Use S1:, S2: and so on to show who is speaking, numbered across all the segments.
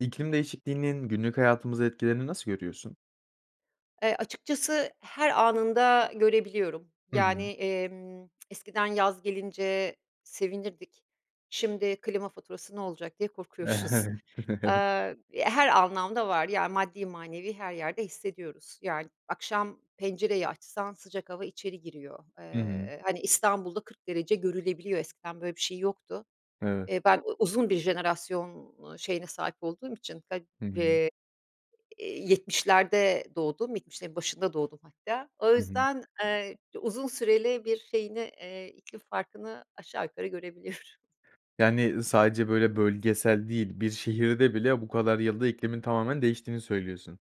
S1: İklim değişikliğinin günlük hayatımıza etkilerini nasıl görüyorsun?
S2: Eee, açıkçası her anında görebiliyorum.
S1: Hı
S2: Yani,
S1: hı.
S2: emm, eskiden yaz gelince sevinirdik, şimdi klima faturası ne olacak diye korkuyoruz. Eee, her anlamda var, yani, maddi manevi her yerde hissediyoruz. Yani, akşam pencereyi açsan sıcak hava içeri giriyor.
S1: Hı hı.
S2: Eee, hani, İstanbul'da 40 derece görülebiliyor, eskiden böyle bir şey yoktu.
S1: Evet.
S2: Eee, ben uzun bir jenerasyon, ııı, şeyine sahip olduğum için, ga
S1: Hı hı.
S2: eee, 70’lerde doğdum, 70’lerin başında doğdum hatta. O
S1: Hı hı.
S2: yüzden, eee, uzun süreli bir şeyini, eee, iklim farkını aşağı yukarı görebiliyorum.
S1: Yani, ııı, sadece, böyle, bölgesel değil, bir şehirde bile bu kadar yılda iklimin tamamen değiştiğini söylüyorsun.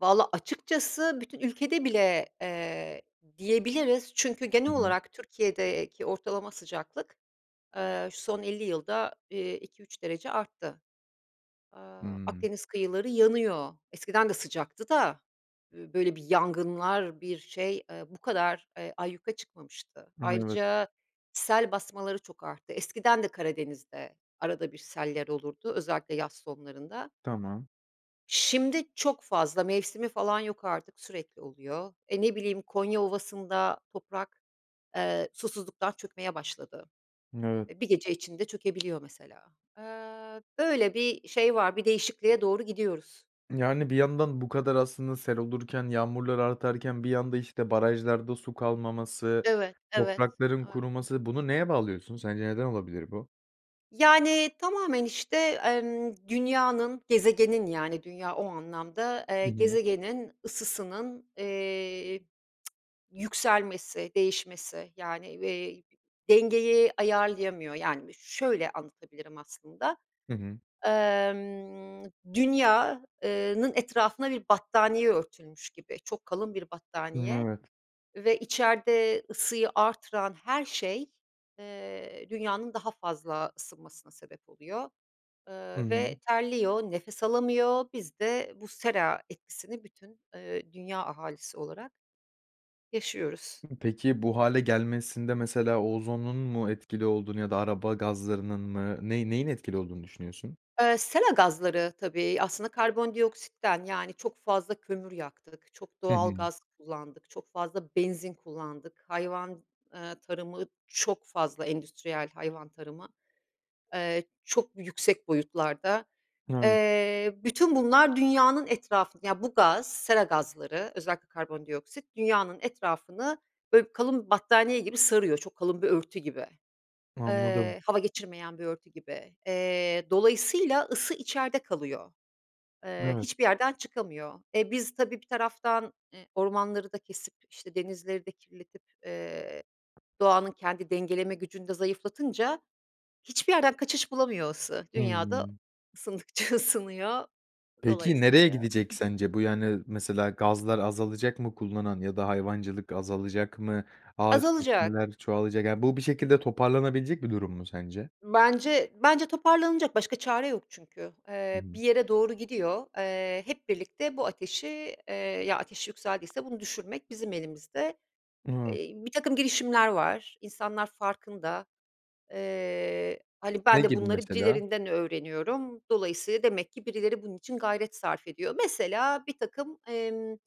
S2: Valla, açıkçası bütün ülkede bile, eee, diyebiliriz çünkü
S1: Hı
S2: genel
S1: hı.
S2: olarak Türkiye'deki ortalama sıcaklık, eee, şu son 50 yılda, eee, 2-3 derece arttı. Aaa,
S1: Hımm.
S2: Akdeniz kıyıları yanıyor, eskiden de sıcaktı da böyle bir yangınlar, bir şey, eee, bu kadar, eee, ayyuka çıkmamıştı.
S1: Evet.
S2: Ayrıca sel basmaları çok arttı. Eskiden de Karadeniz'de arada bir seller olurdu, özellikle yaz sonlarında.
S1: Tamam.
S2: Şimdi çok fazla mevsimi falan yok artık, sürekli oluyor. E, ne bileyim, Konya Ovası'nda toprak, eee, susuzluktan çökmeye başladı.
S1: Evet.
S2: Eee, bir gece içinde çökebiliyor, mesela. Eee, böyle bir şey var, bir değişikliğe doğru gidiyoruz.
S1: Yani, bir yandan bu kadar aslında sel olurken, yağmurlar artarken bir yanda işte barajlarda su kalmaması,
S2: Evet evet.
S1: toprakların
S2: [unintelligible]
S1: kuruması, bunu neye bağlıyorsun? Sence neden olabilir bu?
S2: Yani, tamamen, işte, emm, dünyanın, gezegenin, yani, dünya o anlamda, eee,
S1: Hı hı.
S2: gezegenin ısısının, eee yükselmesi, değişmesi, yani, eee, dengeyi ayarlayamıyor. Yani b şöyle anlatabilirim aslında.
S1: Hı hı.
S2: Imm, Dünya, ııı nın etrafına bir battaniye örtülmüş gibi. Çok kalın bir
S1: Hıı,
S2: battaniye
S1: evet.
S2: ve içeride ısıyı arttıran her şey, ııı, Dünya'nın daha fazla ısınmasına sebep oluyor,
S1: I
S2: ııı, ve
S1: hı.
S2: terliyor, nefes alamıyor. Biz de bu sera etkisini bütün, ııı, dünya ahalisi olarak yaşıyoruz.
S1: Peki, bu hâle gelmesinde mesela ozonun mu etkili olduğunu ya da araba gazlarının mı, ney neyin etkili olduğunu düşünüyorsun?
S2: Iıı, sera gazları tabii aslında karbondioksitten, yani çok fazla kömür yaktık. Çok
S1: Hı
S2: doğal
S1: hı.
S2: gaz kullandık, çok fazla benzin kullandık. Hayvan, ııı, tarımı çok fazla endüstriyel hayvan tarımı, ııı, çok yüksek boyutlarda.
S1: [unintelligible]
S2: Eee, bütün bunlar dünyanın etrafını Ya, bu gaz, sera gazları özellikle karbondioksit, Dünya'nın etrafını böyle bir kalın battaniye gibi sarıyor, çok kalın bir örtü gibi.
S1: Anladım.
S2: Iıı, hava geçirmeyen bir örtü gibi. Eee, dolayısıyla ısı içeride kalıyor, ııı,
S1: Evet.
S2: hiçbir yerden çıkamıyor. E, biz tabii bir taraftan, e, ormanları da kesip işte denizleri de kirletip, eee, doğanın kendi dengeleme gücünü de zayıflatınca hiçbir yerden kaçış bulamıyor ısı, dünyada
S1: Hımm.
S2: ısındıkça ısınıyor,
S1: Peki, nereye
S2: dolayısıyla
S1: gidecek sence bu, yani? Mesela gazlar azalacak mı kullanan ya da hayvancılık azalacak mı? Ağaç
S2: Azalacak.
S1: kesmeler çoğalacak... Yani, bu bir şekilde toparlanabilecek bir durum mu sence?
S2: Bence bence toparlanacak başka çare yok çünkü.
S1: Hı
S2: Eee,
S1: hı.
S2: bir yere doğru gidiyor, eee, hep birlikte bu ateşi, eee, ya, ateş yükseldiyse bunu düşürmek bizim elimizde.
S1: [unintelligible]
S2: Eee, birtakım girişimler var, insanlar farkında. Iıı, hani, ben
S1: Ne
S2: de
S1: gibi
S2: bunları
S1: mesela?
S2: birilerinden öğreniyorum, dolayısıyla demek ki birileri bunun için gayret sarf ediyor. Mesela birtakım, ımm, ııı,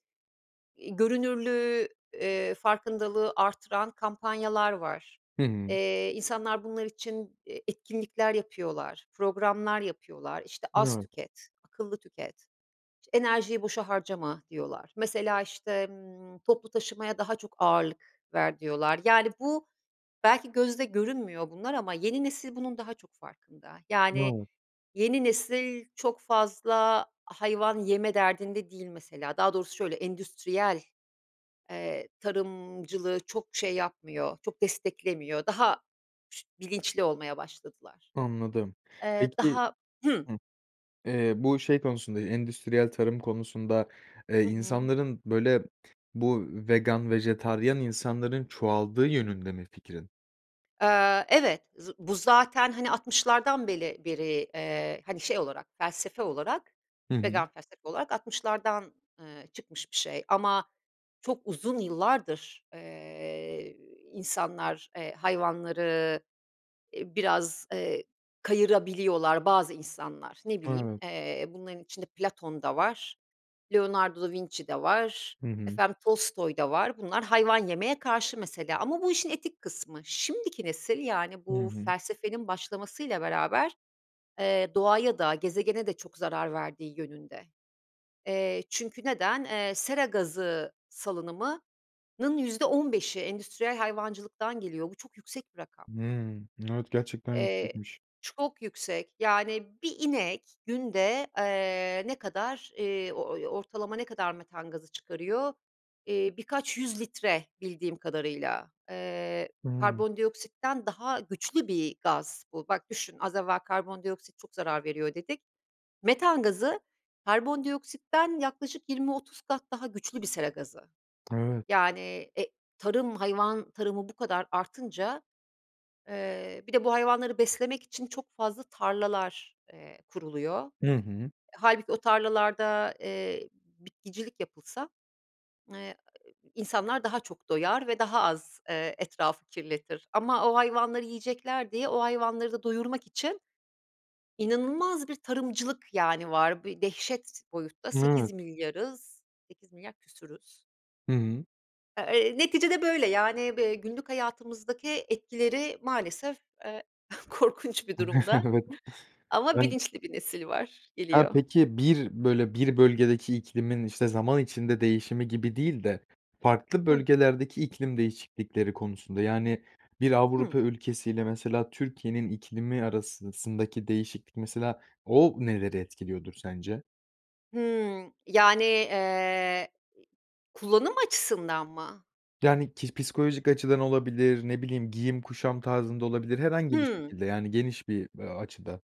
S2: görünürlüğü, ııı, farkındalığı arttıran kampanyalar var.
S1: Hı hı.
S2: Eee, insanlar bunlar için, eee, etkinlikler yapıyorlar, programlar yapıyorlar. İşte az
S1: Evet.
S2: tüket, akıllı tüket. İşte enerjiyi boşa harcama diyorlar. Mesela işte, ımm, toplu taşımaya daha çok ağırlık ver diyorlar. Yani, bu belki gözde görünmüyor bunlar ama yeni nesil bunun daha çok farkında. Yani,
S1: [unintelligible]
S2: yeni nesil çok fazla hayvan yeme derdinde değil mesela. Daha doğrusu şöyle endüstriyel, eee, tarımcılığı çok şey yapmıyor, çok desteklemiyor. Daha ş bilinçli olmaya başladılar.
S1: Anladım,
S2: Eee,
S1: peki
S2: daha Hımm.
S1: Hımm, eee, bu, şey, konusunda, eee, endüstriyel tarım konusunda, eee,
S2: Hı hı.
S1: insanların böyle bu vegan, vejetaryen insanların çoğaldığı yönünde mi fikrin?
S2: Aaa, evet z bu zaten, hani 60'lardan beli beri, eee, hani, şey, olarak felsefe olarak,
S1: Hı hı.
S2: vegan felsefe olarak 60'lardan, ııı, çıkmış bir şey. Ama çok uzun yıllardır, eee, insanlar, eee, hayvanları, ııı, biraz, eee, kayırabiliyorlar bazı insanlar. Ne bileyim,
S1: Evet.
S2: eee, bunların içinde Platon da var, Leonardo da Vinci de var,
S1: Hı hı.
S2: efendim Tolstoy da var. Bunlar hayvan yemeye karşı mesela ama bu işin etik kısmı. Şimdiki nesil, yani
S1: Hı
S2: bu
S1: hı.
S2: felsefenin başlamasıyla beraber, eee, doğaya da gezegene de çok zarar verdiği yönünde, eee, çünkü neden, eee, sera gazı salınımının %15'i endüstriyel hayvancılıktan geliyor, bu çok yüksek bir rakam.
S1: Hımm. Evet gerçekten
S2: Eee,
S1: yüksekmiş.
S2: çok yüksek, yani, 1 inek günde, eee, ne kadar, ııı, o oy ortalama ne kadar metan gazı çıkarıyor? Eee, birkaç 100 litre bildiğim kadarıyla. Eee,
S1: Hımm.
S2: karbondioksitten daha güçlü bir gaz bu. Bak düşün az evvel karbondioksit çok zarar veriyor dedik. Metan gazı karbondioksitten yaklaşık 20-30 kat daha güçlü bir sera gazı.
S1: Evet.
S2: Yani e, tarım, hayvan tarımı bu kadar artınca, ııı, bir de bu hayvanları beslemek için çok fazla tarlalar, eee, kuruluyor.
S1: Hı hı.
S2: Hâlbuki o tarlalarda, eee, bitkicilik yapılsa; eee, insanlar daha çok doyar ve daha az, ııı, etrafı kirletir ama o hayvanları yiyecekler diye o hayvanları da doyurmak için inanılmaz bir tarımcılık, yani, var. Bir dehşet boyutta sekiz
S1: Evet.
S2: milyarız, 8.000.000.000 küsuruz.
S1: Hı hı.
S2: Eee, neticede, böyle, yani, bi günlük hayatımızdaki etkileri maalesef, eee, korkunç bir durumda
S1: Evet.
S2: ama
S1: Ben
S2: bilinçli bir nesil var,
S1: Ha,
S2: geliyor.
S1: peki, bir, böyle bir bölgedeki iklimin, işte, zaman içinde değişimi gibi değil de farklı
S2: Hı.
S1: bölgelerdeki iklim değişiklikleri konusunda, yani, bir
S2: Hı.
S1: Avrupa ülkesi ile, mesela, Türkiye'nin iklimi arasındaki değişiklik, mesela,o neleri etkiliyordur sence?
S2: Hımm. Yani, eee, kullanım açısından mı?
S1: Yani, ki psikolojik açıdan olabilir, ne bileyim, giyim kuşam tarzında olabilir, herhangi bir
S2: Hımm.
S1: şekilde, yani geniş bir, a açıda.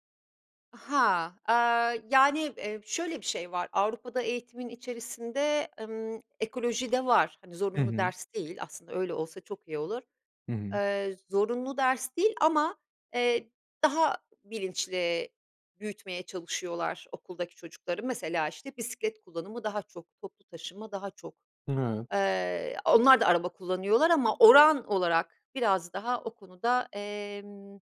S2: Ha. Aaa, yani, eee, şöyle bir şey var, Avrupa'da eğitimin içerisinde, ımm, ekoloji de var. Hani,
S1: Hı
S2: zorunlu
S1: hı.
S2: ders değil. Aslında öyle olsa çok iyi olur.
S1: Hı hı.
S2: Eee, zorunlu ders değil ama, eee, daha bilinçli büyütmeye çalışıyorlar okuldaki çocukları. Mesela, işte, bisiklet kullanımı daha çok, toplu taşıma daha çok.
S1: Evet.
S2: Eee, onlar da araba kullanıyorlar ama oran olarak biraz daha o konuda, emm,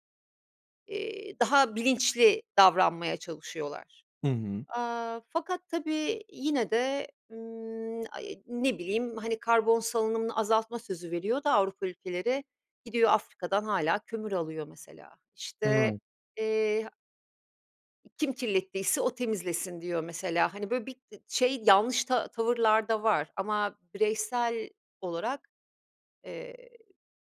S2: eee, daha bilinçli davranmaya çalışıyorlar.
S1: Hı hı.
S2: Aaa, fakat tabii yine de, ımm, ay, ne bileyim, hani, karbon salınımını azaltma sözü veriyor da Avrupa ülkeleri. Gidiyor, Afrika'dan hâlâ kömür alıyor, mesela. İşte,
S1: Evet.
S2: eee kim kirlettiyse o temizlesin diyor, mesela. Hani, böyle bir [unintelligible] şey, yanlış ta tavırlar da var ama bireysel olarak, eee,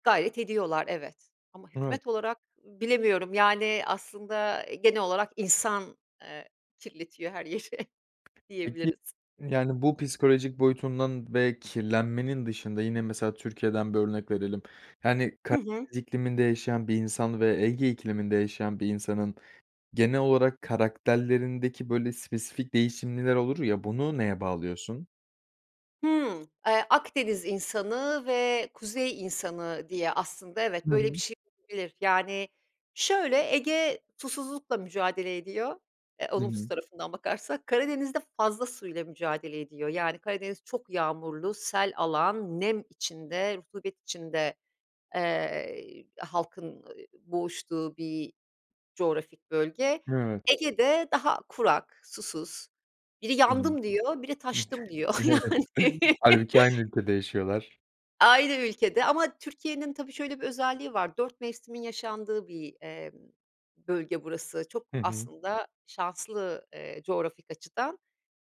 S2: gayret ediyorlar, evet, ama
S1: Evet.
S2: hükümet olarak bilemiyorum, yani, aslında genel olarak insan, eee, kirletiyor her yeri,
S1: Peki,
S2: diyebiliriz.
S1: yani bu psikolojik boyutundan ve kirlenmenin dışında, yine, mesela Türkiye'den bir örnek verelim, yani,
S2: Hı hı.
S1: Karadeniz ikliminde yaşayan bir insan ve Ege ikliminde yaşayan bir insanın genel olarak karakterlerindeki, böyle, spesifik değişimler olur ya, bunu neye bağlıyorsun?
S2: Hımm, eee, Akdeniz insanı ve Kuzey insanı diye aslında evet,
S1: Hı
S2: böyle, bir
S1: hı.
S2: şey. [unintelligible] Yani, şöyle, Ege susuzlukla mücadele ediyor, eee,
S1: Hı
S2: olumsuz
S1: hı.
S2: tarafından bakarsak, Karadeniz'de fazla suyla mücadele ediyor. Yani, Karadeniz çok yağmurlu, sel alan, nem içinde, rutubet içinde, eee, halkın, ııı, boğuştuğu bir coğrafik bölge.
S1: Evet.
S2: Ege'de daha kurak, susuz, biri
S1: Hı hı.
S2: "yandım" diyor, biri "taştım" diyor,
S1: Evet,
S2: yani.
S1: hâlbuki aynı ülkede yaşıyorlar.
S2: Aynı ülkede ama Türkiye'nin tabii şöyle bir özelliği var, dört mevsimin yaşandığı bir, emm, bölge burası. Çok
S1: Hı hı.
S2: aslında şanslı, eee, coğrafik açıdan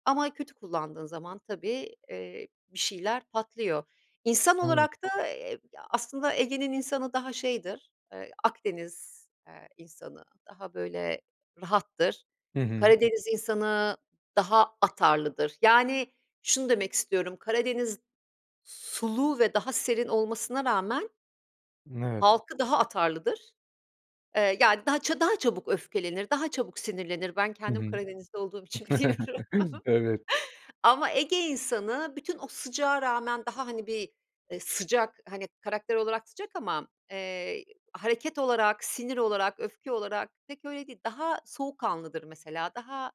S2: ama kötü kullandığın zaman tabii, eee, bir şeyler patlıyor. İnsan
S1: Evet.
S2: olarak da, eee, aslında Ege'nin insanı daha şeydir, eee, Akdeniz, eee, insanı daha, böyle, rahattır.
S1: Hı hı.
S2: Karadeniz insanı daha atarlıdır. Yani, şunu demek istiyorum: Karadeniz sulu ve daha serin olmasına rağmen
S1: Evet.
S2: halkı daha atarlıdır. Eee, yani, daha ça daha çabuk öfkelenir, daha çabuk sinirlenir. Ben
S1: Hı
S2: kendim
S1: hı.
S2: Karadenizli olduğum için biliyorum
S1: Evet.
S2: ama Ege insanı bütün o sıcağa rağmen daha, hani, bir, eee, sıcak, hani, karakter olarak sıcak ama, eee, hareket olarak, sinir olarak, öfke olarak pek öyle değil. Daha soğukkanlıdır mesela. Daha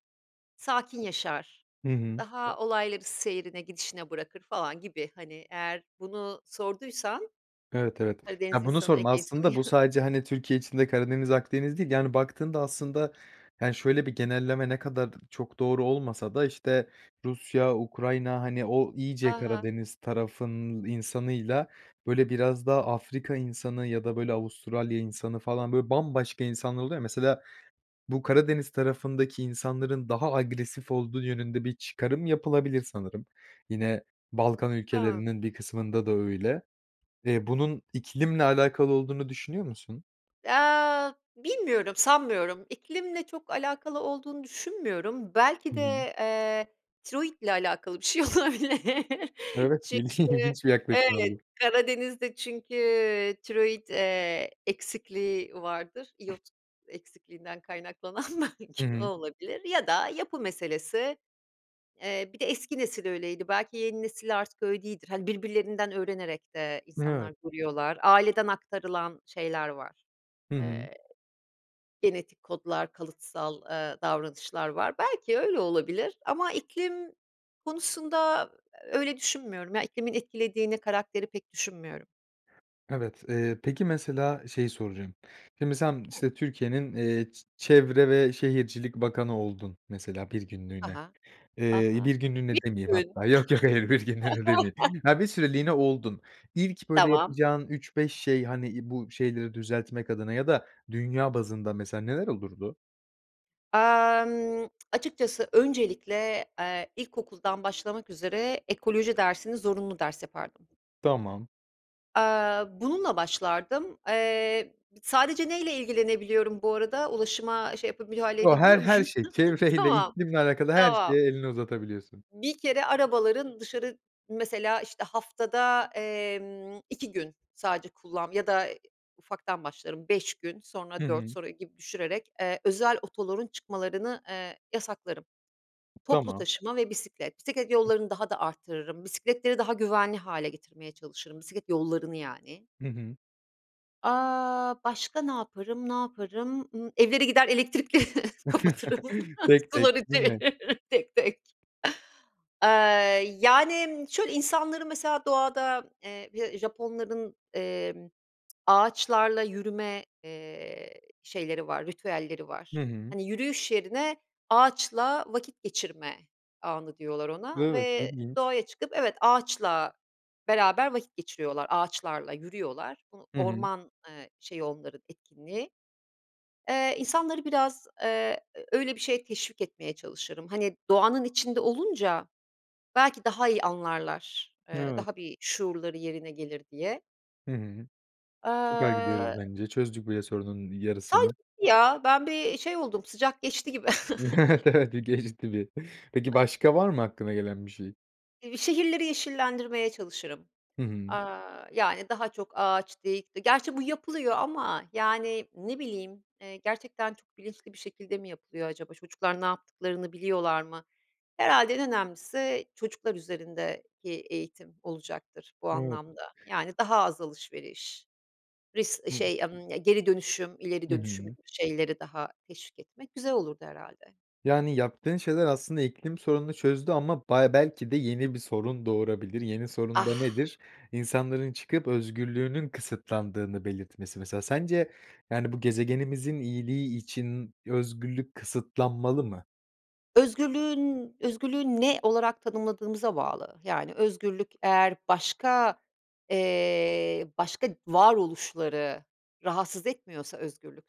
S2: sakin yaşar.
S1: Hı hı.
S2: Daha olayları seyrine, gidişine bırakır falan gibi, hani, eğer bunu sorduysan
S1: Evet, evet.
S2: Karadeniz
S1: Ya, bunu
S2: insanı,
S1: sordum
S2: Ege insanı.
S1: aslında, bu sadece, hani, Türkiye içinde Karadeniz, Akdeniz değil, yani, baktığında aslında, yani, şöyle bir genelleme ne kadar çok doğru olmasa da, işte, Rusya, Ukrayna, hani, o iyice
S2: A!
S1: Karadeniz tarafının insanıyla, böyle, biraz daha Afrika insanı ya da, böyle, Avustralya insanı falan, böyle, bambaşka insanlar oluyor ya, mesela bu Karadeniz tarafındaki insanların daha agresif olduğu yönünde bir çıkarım yapılabilir sanırım. Yine Balkan
S2: Hıı.
S1: ülkelerinin bir kısmında da öyle. Eee, bunun iklimle alakalı olduğunu düşünüyor musun?
S2: Eee, bilmiyorum, sanmıyorum, iklimle çok alakalı olduğunu düşünmüyorum. Belki
S1: Hı hı.
S2: de, eee, tiroit ile alakalı bir şey olabilir
S1: Evet, ilgi
S2: çünkü,
S1: ilginç bir yaklaşım
S2: evet,
S1: oldu.
S2: Karadeniz'de çünkü, iii, tiroit, eee, eksikliği vardır, iyot eksikliğinden kaynaklanan, belki
S1: Hı
S2: o
S1: hı.
S2: olabilir ya da yapı meselesi. Eee, bir de eski nesil öyleydi, belki yeni nesil artık öyle değildir. Hani, birbirlerinden öğrenerek de
S1: Evet.
S2: insanlar duruyorlar. Aileden aktarılan şeyler var,
S1: Hı hı.
S2: eee, genetik kodlar, kalıtsal, eee, davranışlar var. Belki öyle olabilir ama iklim konusunda öyle düşünmüyorum ya, iklimin etkilediğini karakteri pek düşünmüyorum.
S1: Evet, eee, peki, mesela, şeyi soracağım, şimdi sen,
S2: Hı.
S1: işte, Türkiye'nin, eee, ç çevre ve şehircilik bakanı oldun, mesela, bir
S2: Ha
S1: günlüğüne,
S2: ha, ha
S1: eee,
S2: ha.
S1: 1 günlüğüne demeyeyim
S2: 1 gün.
S1: hatta. Yok, yok, hayır, 1 günlüğüne demeyeyim. Ya, bir süreliğine oldun, ilk böyle
S2: Tamam.
S1: yapacağın 3-5 şey, hani, iii, bu şeyleri düzeltmek adına ya da dünya bazında mesela, neler olurdu?
S2: Aaa, emm, açıkçası öncelikle, eee, ilkokuldan başlamak üzere ekoloji dersini zorunlu ders yapardım.
S1: Tamam.
S2: Aaa, bununla başlardım, eee, sadece neyle ilgilenebiliyorum bu arada? Ulaşıma şey yapab müdahale
S1: Yo, her
S2: edebiliyor
S1: her
S2: muyum?
S1: şey çevreyle,
S2: Tamam,
S1: iklimle alakalı, her
S2: tamam.
S1: şeye elini uzatabiliyorsun.
S2: Bir kere arabaların dışarı, mesela, işte, haftada, emm, 2 gün sadece kullan ya da ufaktan başlarım, 5 gün,
S1: Hı
S2: sonra 4
S1: hı.
S2: sonra gibi düşürerek, eee, özel otoların çıkmalarını, eee, yasaklarım. Toplu
S1: Tamam.
S2: taşıma ve bisiklet. Bisiklet yollarını daha da arttırırım, bisikletleri daha güvenli hâle getirmeye çalışırım, bisiklet yollarını yani.
S1: Hı hı.
S2: Aaa, başka ne yaparım? Ne yaparım? Imm, evlere gider, elektrikleri kapatırım,
S1: Tek tek,
S2: suları
S1: değil mi?
S2: çeviririm, tek tek. Eee, yani, şöyle, insanları, mesela, doğada, eee, Ja Japonların, emm, ağaçlarla yürüme, eee, şeyleri var, ritüelleri var.
S1: Hı hı.
S2: Hani, yürüyüş yerine ağaçla vakit geçirme anı diyorlar ona
S1: Evet,
S2: ve
S1: ilginç.
S2: doğaya çıkıp, evet, ağaçla beraber vakit geçiriyorlar, ağaçlarla yürüyorlar. Bunu
S1: Hı hı.
S2: orman, eee, şeyi onların etkinliği. Eee, insanları biraz, eee, öyle bir şeye teşvik etmeye çalışırım. Hani, doğanın içinde olunca belki daha iyi anlarlar, eee,
S1: Evet.
S2: daha bir şuurları yerine gelir, diye.
S1: Hı hı. Süper gidiyoruz
S2: Aaa
S1: bence. Çözdük bu, ya sorunun yarısını.
S2: sanki gitti ya, ben bir şey oldum, sıcak geçti gibi.
S1: Evet, evet, geçti bir. Peki, başka var mı aklına gelen bir şey?
S2: Eee, şehirleri yeşillendirmeye çalışırım,
S1: Hı hı.
S2: aaa, yani, daha çok ağaç dik di gerçi bu yapılıyor ama, yani, ne bileyim, eee, gerçekten çok bilinçli bir şekilde mi yapılıyor acaba, çocuklar ne yaptıklarını biliyorlar mı? Herhâlde en önemlisi çocuklar üzerindeki eğitim olacaktır bu
S1: Evet.
S2: anlamda, yani, daha az alışveriş, ris şey, ımm, geri dönüşüm, ileri
S1: Hı
S2: dönüşüm
S1: hı.
S2: gibi şeyleri daha teşvik etmek güzel olurdu herhâlde.
S1: Yani, yaptığın şeyler aslında iklim sorununu çözdü ama ba belki de yeni bir sorun doğurabilir. Yeni sorun da
S2: Ah!
S1: nedir? İnsanların çıkıp özgürlüğünün kısıtlandığını belirtmesi. Mesela sence, yani bu gezegenimizin iyiliği için özgürlük kısıtlanmalı mı?
S2: Özgürlüğün özgürlüğü ne olarak tanımladığımıza bağlı, yani, özgürlük eğer başka, eee, başka varoluşları rahatsız etmiyorsa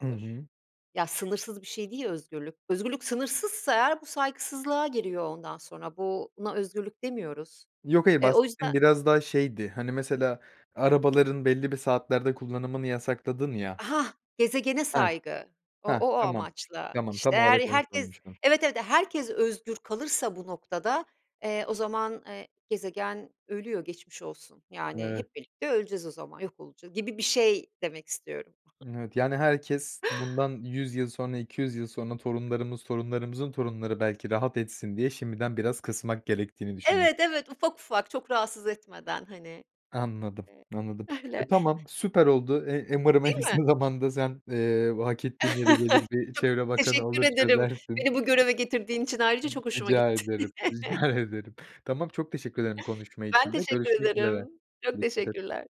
S1: Hı hı.
S2: Ya, sınırsız bir şey değil özgürlük. Özgürlük sınırsızsa eğer bu saygısızlığa giriyor ondan sonra, bu buna özgürlük demiyoruz.
S1: Yok, hayır.
S2: Eee, o
S1: Bahsettiğim
S2: yüzden
S1: biraz daha şeydi, hani, mesela, arabaların belli bir saatlerde kullanımını yasakladın ya
S2: Hah, gezegene
S1: Heh,
S2: saygı. O
S1: heh.
S2: o o
S1: Tamam,
S2: amaçla,
S1: tamam.
S2: işte,
S1: Tam
S2: eğer
S1: olarak onu
S2: herkes,
S1: sormuştum.
S2: evet, evet. Herkes özgür kalırsa bu noktada, eee, o zaman, eee, gezegen ölüyor, geçmiş olsun. Yani,
S1: Evet.
S2: hep birlikte öleceğiz o zaman yok olacağız, gibi bir şey demek istiyorum.
S1: Evet, yani, herkes bundan 100 sonra, 200 yıl sonra torunlarımız, torunlarımızın torunları belki rahat etsin diye şimdiden biraz kısmak gerektiğini düşünüyorsun.
S2: Evet, evet. Ufak ufak, çok rahatsız etmeden, hani.
S1: Anladım. Anladım.
S2: [unintelligible]
S1: E,
S2: Öyle.
S1: tamam, süper oldu. Eee, umarım, en
S2: Değil mi?
S1: kısa zamanda sen, eee, bu hak ettiğin yere gelir, bir
S2: Çok
S1: çevre bakanı
S2: teşekkür
S1: olur,
S2: ederim,
S1: çözersin.
S2: beni bu göreve getirdiğin için ayrıca çok hoşuma
S1: Rica
S2: gitti.
S1: ederim, rica ederim. Tamam. Çok teşekkür ederim konuşma
S2: Ben
S1: için de.
S2: teşekkür
S1: Görüşmek üzere.
S2: ederim. Çok
S1: Dikkat et.
S2: teşekkürler.